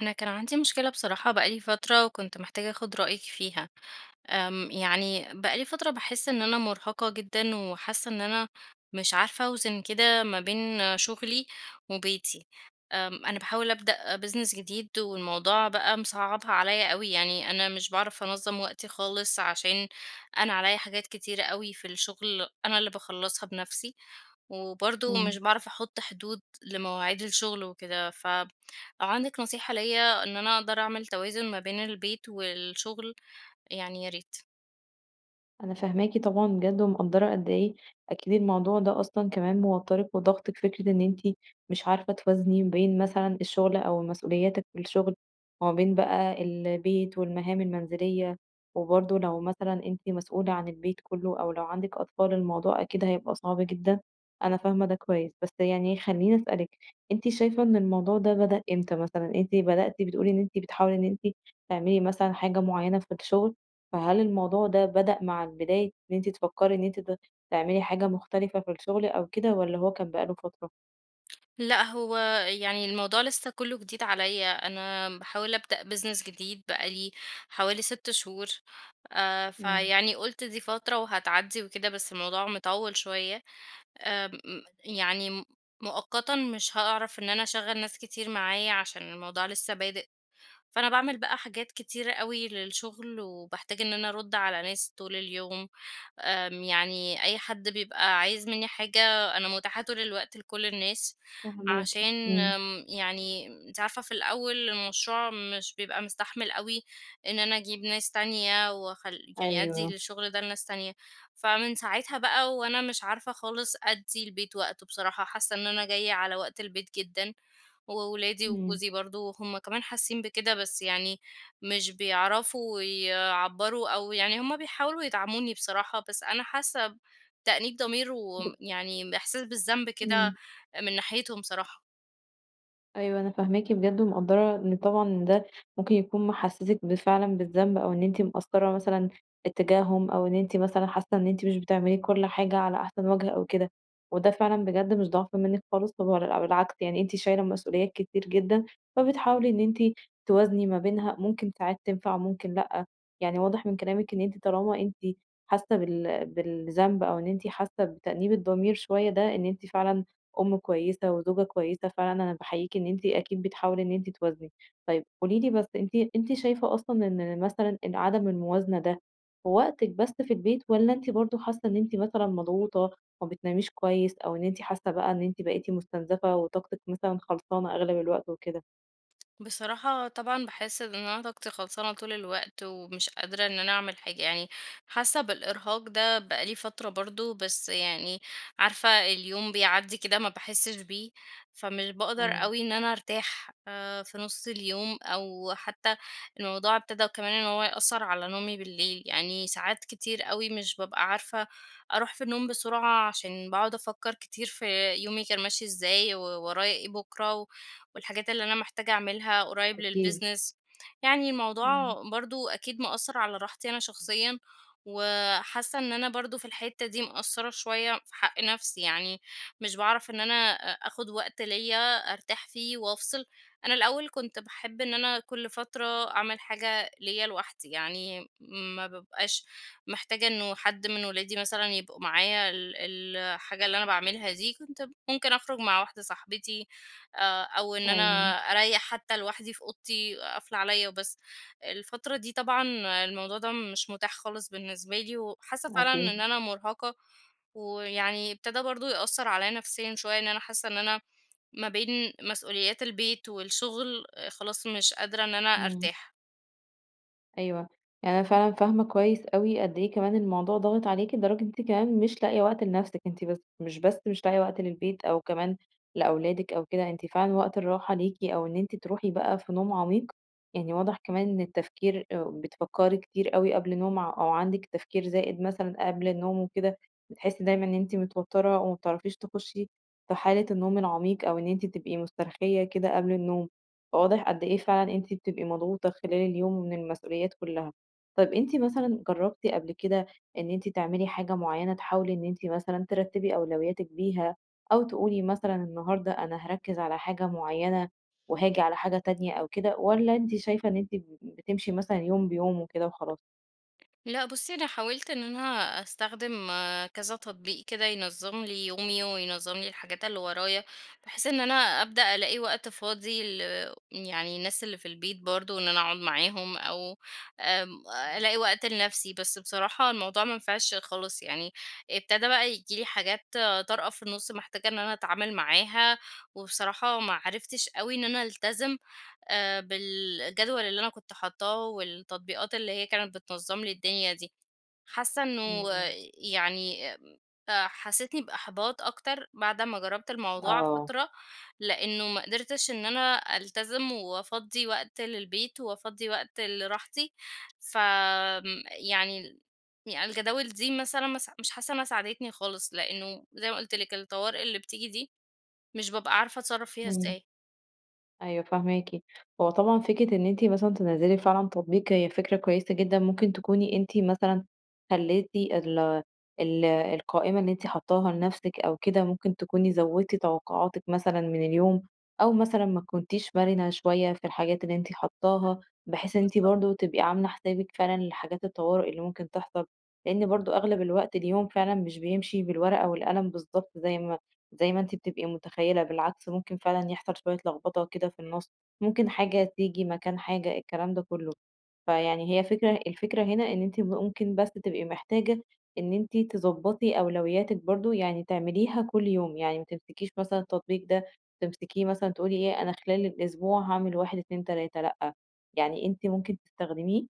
أنا كان عندي مشكلة بصراحة بقى لي فترة وكنت محتاجة أخد رأيِك فيها. آمم، يعني بقى لي فترة باحس إن أنا مرهقة جدًا وحاسة إن أنا مش عارفة أوزن كده ما بين شغلي وبيتي. آمم، أنا باحاول أبدأ business جديد والموضوع بقى مصعبها عليّا أوي، يعني أنا مش باعرف أنظم وقتي خالص عشان أنا عليّا حاجات كتيرة أوي في الشغل أنا اللي باخلصها بنفسي، وبرضه مش امم. باعرف أحط حدود لمواعيد الشغل وكده. فلو عندِك نصيحة ليّا إن أنا أقدر أعمل توازن ما بين البيت والشغل يعني يا ريت. أنا فاهماكِ طبعًا بجد، ومقدرة قد إيه أكيد الموضوع ده أصلًا كمان موتّرِك وضاغطِك. فكرة إن أنتِ مش عارفة توازني بين مثلًا الشغل أو مسؤولياتِك في الشغل، وما بين بقى البيت والمهام المنزلية، وبرضه لو مثلًا أنتِ مسؤولة عن البيت كله، أو لو عندِك أطفال الموضوع أكيد هيبقى صعب جدًا. أنا فاهمة ده كويس. بس يعني خلّيني أسألِك أنتِ شايفة إن الموضوع ده بدأ إمتى مثلًا؟ أنتِ بدأتِ بتقولي إن أنتِ بتحاولي إن أنتِ تعملي مثلًا حاجة معينة في الشغل، فهل الموضوع ده بدأ مع البداية إن أنتِ تفكري إن أنتِ ت تعملي حاجة مختلفة في الشغل أو كده والّا هو كان بقى له فترة؟ لأ، هو يعني الموضوع لسّه كُلّه جديد عليَّ، أنا باحاول أبدأ business جديد بقى لي حوالي 6 شهور، آآ إمم. فيعني قُلت دي فترة وهتعدي وكده. بس الموضوع مطول شويّة. آمم، م يعني م مؤقتًا مش هأعرف إن أنا أشغل ناس كتير معايا عشان الموضوع لسّه بادئ، فأنا باعمل بقى حاجات كتيرة أوي للشغل وباحتاج إن أنا أرد على ناس طول اليوم. آمم، يعني أي حد بيبقى عايز مِنّي حاجة، أنا مُتاحة طول الوقت لكل الناس، فاهماكِ عشان إمم. آمم، يعني أنتِ عارفة في الأوّل المشروع مش بيبقى مستحمل أوي إن أنا أجيب ناس تانية، واخل يعني أدّي أيوه. للشغل ده لناس تانية. فمن ساعتها بقى، وأنا مش عارفة خالص أدّي البيت وقته، بصراحة حاسّة إن أنا جايّة على وقت البيت جدًا. وولادي إمم. وجوزي برضو هُم كمان حاسين بكده، بس يعني مش بيعرفوا يعبروا، أو يعني هُم بيحاولوا يدعموني بصراحة، بس أنا حاسّة بتأنيب ضمير، ل وم يعني باحساس بالذنب كده، إمم. من ناحيتهم صراحة. أيوه، أنا فاهماكِ بجد، ومقدرة إن طبعًا ده ممكن يكون مِحسسك بفعلًا بالذنب، أو إن أنتِ مِقصرة مثلًا اتجاهم، أو إن أنتِ مثلًا حاسّة إن أنتِ مش بتعملي كل حاجة على أحسن وجه أو كده، وده فعلًا بجد مش ضعف منِك خالص، [unintelligible] بالعكس يعني أنتِ شايلة مسؤوليات كتير جدًا، فبتحاولي إن أنت توازني ما بينها. ممكن ساعات تنفع، ممكن لأ. يعني واضح من كلامِك إن أنتِ طالما أنتِ حاسّة بال بالذنب، أو إن أنتِ حاسّة بتأنيب الضمير شويّة، ده إن أنتِ فعلًا أم كويّسة وزوجة كويّسة فعلًا. أنا باحييكِ إن أنتِ أكيد بتحاولي إن أنتِ توازني. طيّب، قولي لي بس، أنتِ أنتِ شايفة أصلًا إن مثلًا إن عدم الموازنة ده في وقتِك بس في البيت، والّا أنتِ برضو حاسّة إن أنتِ مثلًا مضغوطة، ما بتناميش كويّس؟ أو إن أنتِ حاسّة بقى أنتِ بقيتِ مُستنزفة وطاقتِك مثلًا خلصانة أغلب الوقت وكده؟ بصراحة طبعًا باحس إن أنا طاقتي خلصانة طول الوقت، ومش قادرة إن أنا أعمل حاجة، يعني حاسّه بالإرهاق ده بقى لي فترة برضو، بس يعني عارفة اليوم بيعدي كده ما باحسش بيه، فمش باقدر امم. أوي إن أنا أرتاح آآ، في نص اليوم أو حتّى الموضوع ابتدَا كمان إن هو يأثر على نومي بالليل. يعني ساعات كتير أوي مش بابقى عارفة أروح في النوم بسرعة، عشان باقعد أفكّر كتير في يومي كان ماشي إزاي وورايا إيه بكرة، و والحاجات اللي أنا محتاجة أعملها قريب أكيد. للbusiness يعني امم. الموضوع برضو أكيد مأثر على راحتي أنا شخصيًا، وحاسّة إن أنا برضو في الحتّة دي مقصرة شويّة في حق نفسي، يعني مش باعرف إن أنا أ آخد وقت ليّ أرتاح فيه وأفصل. أنا الأوّل كنت باحب إن أنا كل فترة أعمل حاجة ليّ لوحدي، يعني ما بابقاش محتاجة إنّه حد من أولادي مثلًا يبقوا معايا ال الحاجة اللي أنا باعملها دي، كنت ممكن أخرج مع واحدة صاحبتي آآ، أو إن أيوه. أنا أريّح حتّى لوحدي في أوضتي قافله عليَّ وبس. الفترة دي طبعًا الموضوع ده مش متاح خالص بالنسبة لي، وحاسّة فعلًا إن أكيد. أنا مُرهقة، ويعني ابتدا برضو يأثر عليَّ نفسيًا شويّة, إن أنا حاسّة إن أنا ما بين مسؤوليات البيت والشغل خلاص مش قادرة إن أنا امم. أرتاح. أيوه، يعني أنا فعلًا فاهمة كويّس أوي قد إيه كمان الموضوع ضاغط عليكِ، لدرجة أنتِ كمان مش لاقية وقت لنفسِك. أنتِ بس مش بس مش لاقية وقت للبيت أو كمان لأولادك أو كده، أنتِ فعلًا وقت الراحة ليكِ أو إن أنتِ تروحي بقى في نوم عميق، يعني واضح كمان إن التفكير آآ بتفكري كتير أوي قبل النوم أو عندك تفكير زائد مثلًا قبل النوم وكده، بتحسّي دايمًا إن أنتِ متوتّرة وما بتعرفيش تخشي في حالة النوم العميق، أو إن أنتِ تبقي مسترخية كده قبل النوم، فواضح قد إيه فعلًا أنتِ بتبقي مضغوطة خلال اليوم من المسؤوليات كلّها. طب، أنتِ مثلًا جربتِ قبل كده إن أنتِ تعملي حاجة معيّنة تحاولي إن أنتِ مثلًا ترتبي أولوياتِك بيها أو تقولي مثلًا النهارده أنا هاركز على حاجة معيّنة، وهاجي على حاجة تانية. أو كده، والّا أنتِ شايفة إن أنتِ بتمشي مثلًا يوم بيومه كده وخلاص؟ لأ، بُصّي، أنا حاولت إن أنا أستخدم كذا تطبيق كده ينظم لي يومي، وينظم لي الحاجات اللي ورايا، بحيث إن أنا أبدأ ألاقي وقت فاضي ل يعني الناس اللي في البيت برضو، إن أنا أقعد معاهم أو آمم، إمم. ألاقي وقت لنفسي، بس بصراحة الموضوع ما نفعش خلاص. يعني ابتدا بقى ييجي لي حاجات طارئة في النُص محتاجة إن أنا أتعامل معاها، وبصراحة ما عرفتش أوي إن أنا ألتزم آآ، بالجدول اللي أنا كنت حاطاه والتطبيقات اللي هي كانت بتنظم لي الدنيا دي. حاسّة إمم، إنّه إمم. يعني آآ، حسيتني بإحباط أكتر بعد ما جرّبت الموضوع آه. فترة، لأنّه ما قدرتش إن أنا ألتزم وأفضي وقت للبيت، وأفضي وقت لراحتي ف آمم، يعني الجداول دي مثلًا ما س مش حاسّة إنها ساعدتني خالص لأنّه زي ما قلت لِك الطوارئ اللي بتيجي دي، مش بابقى عارفة أتصرّف فيها إمم. إزاي. أيوه، فاهماكِ. هو طبعًا فكرة إن أنتِ مثلًا تنزِّلي فعلًا تطبيق هي فكرة كويّسة جدًا. ممكن تكوني أنتِ مثلًا خلّيتِ ال ال القائمة اللي أنتِ حاطاها لنفسك أو كده، ممكن تكوني زوّدتِ توقعاتِك مثلًا من اليوم، أو مثلًا ما كنتيش مرنة شويّة في الحاجات اللي أنتِ حاطاها، بحيث إن أنتِ بالضبط. برضو تبقي عاملة حسابِك فعلًا لحاجات الطوارئ اللي ممكن تحصل، لأن برضو أغلب الوقت اليوم فعلًا مش بيمشي بالورقة والقلم بالضبط زي ما زي ما أنتِ بتبقي متخيّلة، بالعكس ممكن فعلًا يحصل شويّة لخبطة كده في النُص، ممكن حاجة تيجي مكان حاجة، الكلام ده كلّه. فيعني هي فكرة الفكرة هنا إن أنتِ ممكن بس تبقي محتاجة إن أنتِ تضبطي أولوياتِك برضو، يعني تعمليها كل يوم، يعني ما تمسكيش مثلًا التطبيق ده، تمسكيه مثلًا تقولي إيه: "أنا خلال الأسبوع هاعمل 1، 2، 3" لأ، يعني أنت ممكن تستخدميه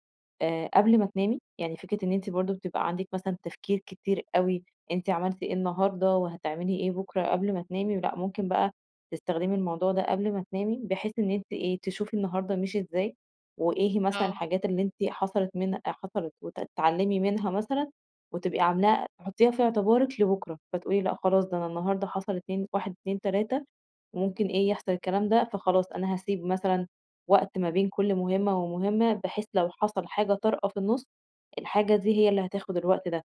آآ، قبل ما تنامي. يعني فكرة إن أنتِ برضو بتبقى عندِك مثلًا تفكير كتير أوي، أنتِ عملتِ إيه النهارده وهتعملي إيه بكرة قبل ما تنامي، ولأ ممكن بقى تستخدمي الموضوع ده قبل ما تنامي بحيث إن أنتِ إيه، تشوفي النهارده مشي إزاي وإيه هي مثلًا آه. الحاجات اللي أنت حصلت منها حصلت، وتتعلمي منها مثلًا، وتبقي عاملاها حطيها في اعتبارِك لبكرة، فتقولي لأ خلاص ده أنا النهارده حصل اتنين 1، 2، 3 وممكن إيه يحصل الكلام ده، فخلاص أنا هاسيب مثلًا وقت ما بين كل مهمّة ومهمّة، بحيث لو حصل حاجة طارئة في النُص، الحاجة دي هي اللي هتاخد الوقت ده."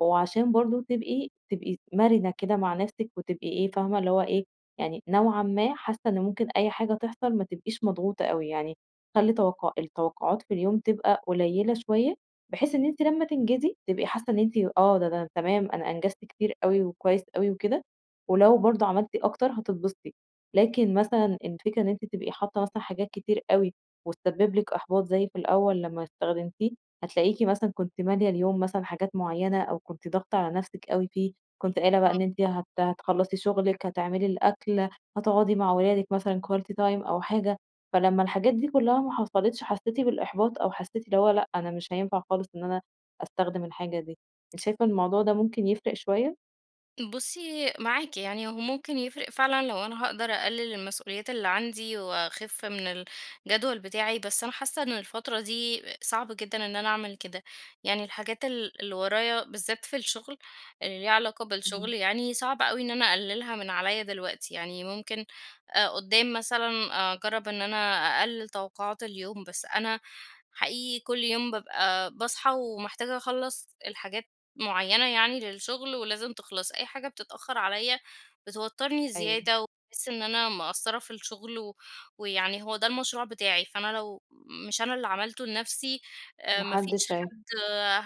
وعشان برضو تبقي تبقي مرنة كده مع نفسك وتبقي إيه، فاهمة اللي هو إيه يعني نوعًا ما حاسّة إن ممكن أي حاجة تحصل ما تبقيش مضغوطة أوي يعني، خلّي توقّع التوقعات في اليوم تبقى قليلة شويّة بحيث إن أنتِ لمّا تنجزي تبقي حاسّة إن أنتِ آه، ده ده تمام أنا أنجزت كتير أوي وكويّس أوي وكده، ولو برضو عملتِ أكتر هتتبسطي. لكن مثلًا الفكرة إن أنتِ تبقي حاطة مثلًا حاجات كتير أوي وتسبب لِك إحباط زي في الأوّل لمّا استخدمتيه، هتلاقيكِ مثلًا كنتِ ماليَة اليوم مثلًا حاجات معيّنة، أو كنتِ ضاغطة على نفسك أوي فيه، كنتِ قايلة بقى إن آه. أنتِ هت هتخلصي شغلِك، هتعملي الأكل، هتقعدي مع ولادِك مثلًا quality time أو حاجة، فلما الحاجات دي كلّها ما حصلتش حسّيتِ بالإحباط أو حسّيتِ اللي هو لأ، أنا مش هينفع خالص إن أنا أستخدم الحاجة دي. أنتِ شايفة إن الموضوع ده ممكن يفرق شويّة؟ بُصّي معاكِ، يعني هو ممكن يفرِق فعلًا لو أنا هاقدر أقلّل المسؤوليات اللي عندي وأخِف من الجدول بتاعي، بس أنا حاسّة إن الفترة دي صعب جدًا إن أنا أعمل كده، يعني الحاجات ال اللي ورايا بالذات في الشغل، اللي ليها علاقة إمم. بالشغل يعني، صعب أوي إن أنا أقلّلها من عليّا دلوقتي، يعني ممكن آآ قدّام مثلًا أجرّب إن أنا أقلّل توقعات اليوم بس أنا، حقيقي كلّ يوم بابقى باصحى ومحتاجة أخلّص الحاجات معيّنة يعني للشغل ولازم تِخلَص، أي حاجة بتتأخّر عليّا بتوتّرني أيوه. زيادة وباحس إن أنا مقصرة في الشغل و ويعني هو ده المشروع بتاعي، فأنا لو مش أنا اللي عملته لنفْسي، آآ ما ما فيش حدّش هي حد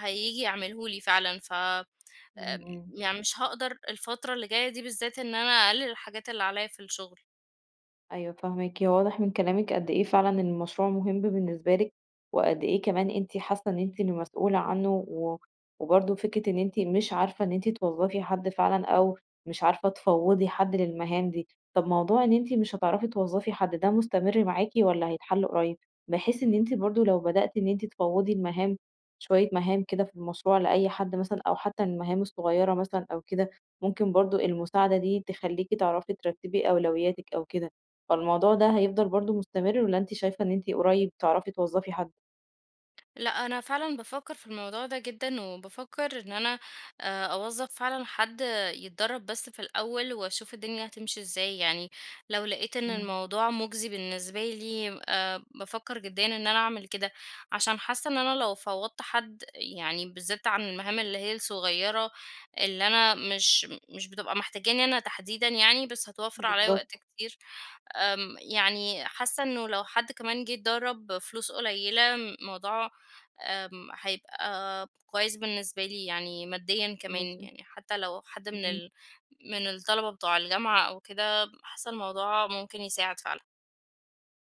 هييجي يعمله لي فعلًا، ف آآ إمم، إمم. يعني مش هاقدر الفترة اللي جاية دي بالذات إن أنا أقلّل الحاجات اللي عليّا في الشغل. أيوه فاهماكِ، هو واضح من كلامِك قد إيه فعلًا المشروع مهم بالنسبة لكِ، وقد إيه كمان أنتِ حاسّة إن أنتِ اللي مسؤولة عنه، و وبرضه فكرة إن أنتِ مش عارفة إن أنتِ توظّفي حد فعلًا أو مش عارفة تفوّضي حد للمهام دي، طب موضوع إن أنتِ مش هتعرفي توظّفي حد، ده مستمر معاكِ والّا هيتحل قريّب؟ بحيث إن أنتِ برضه لو بدأتِ إن أنتِ تفوّضي المهام، شوية مهام كده في المشروع لأي حد مثلًا أو حتّى المهام الصغيرة مثلًا أو كده، ممكن برضه المساعدة دي تخلّيكِ تعرفي ترتّبي أولوياتِك أو كده، فالموضوع ده هيفضل برضه مستمر والّا أنتِ شايفة إن أنتِ قريّب تعرفي توظّفي حد؟ لأ أنا فعلًا بافكّر في الموضوع ده جدًا، وبافكّر إن أنا آآ أوظّف فعلًا حد يتدرب بس في الأوّل وأشوف الدنيا هتمشي إزاي يعني، لو لقيت إن إمم. الموضوع مجزي بالنسبة لي آآ بافكّر جديًا إن أنا أعمل كده، عشان حاسّة إن أنا لو فوّضت حد يعني بالذات عن المهام اللي هي الصغيّرة اللي أنا مش مش بتبقى محتاجاني أنا تحديدًا يعني بس هتوفر علىَّ وقت بالضبط. كتير، آمم يعني حاسّة إنّه لو حد كمان جه اتدرّب فلوس قليّلة موضوع، آمم، هيبقى كويّس بالنسبة لي يعني ماديًا كمان، بُصّي يعني حتّى لو حد من اهم. ال من الطلبة بتوع الجامعة أو كده حاسّة الموضوع ممكن يساعد فعلًا.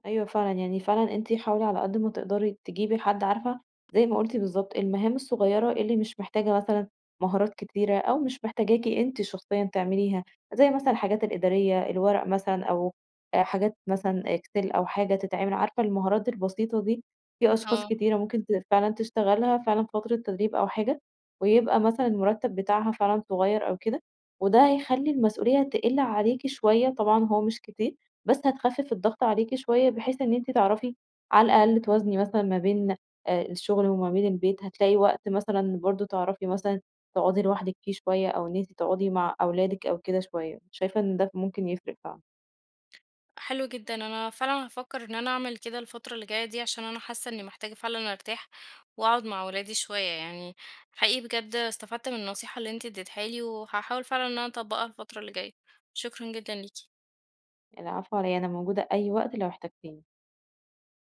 أيوه فعلًا يعني فعلًا أنتِ حاولي على قد ما تقدري تجيبي حد عارفة، زي ما قلتِ بالضبط المهام الصغيّرة اللي مش محتاجة مثلًا مهارات كتيرة، أو مش محتاجاكِ أنت شخصيًا تعمليها، زي مثلًا الحاجات الإدارية الورق مثلًا أو حاجات مثلًا Excel أو حاجة تتعمل، عارفة المهارات البسيطة دي؟ في أشخاص آه. كتيرة ممكن ت فعلًا تشتغلها فعلًا فترة تدريب أو حاجة، ويبقى مثلًا المرتّب بتاعها فعلًا صغيّر أو كده، وده هيخلّي المسؤوليّة تِقِل عليكِ شويّة طبعًا هو مش كتير، بس هتخفِف الضغط عليكِ شويّة بحيث إن أنتِ تعرفي، على الأقل توازني مثلًا ما بين الشغل وما بين البيت، هتلاقي وقت مثلًا برضو تعرفي مثلًا، تقعدي لوحدِك فيه شويّة، أو إن أنتِ تقعدي مع أولادِك أو كده شويّة، شايفة إن ده ممكن يفرِق فعلًا. حلو جدًا، أنا فعلًا هافكّر إن أنا أعمل كده الفترة اللي جايّة دي عشان أنا حاسّة إنّي محتاجة فعلًا أرتاح، وأقعد مع ولادي شويّة يعني حقيقي بجد استفدت من النصيحة اللي أنتِ ادّتيها لي، وهاحاول فعلًا إن أنا أطبّقها الفترة اللي جايّة، شكرًا جدًا ليكِ. العفو على إيه، أنا موجودة أي وقت لو احتجتيني.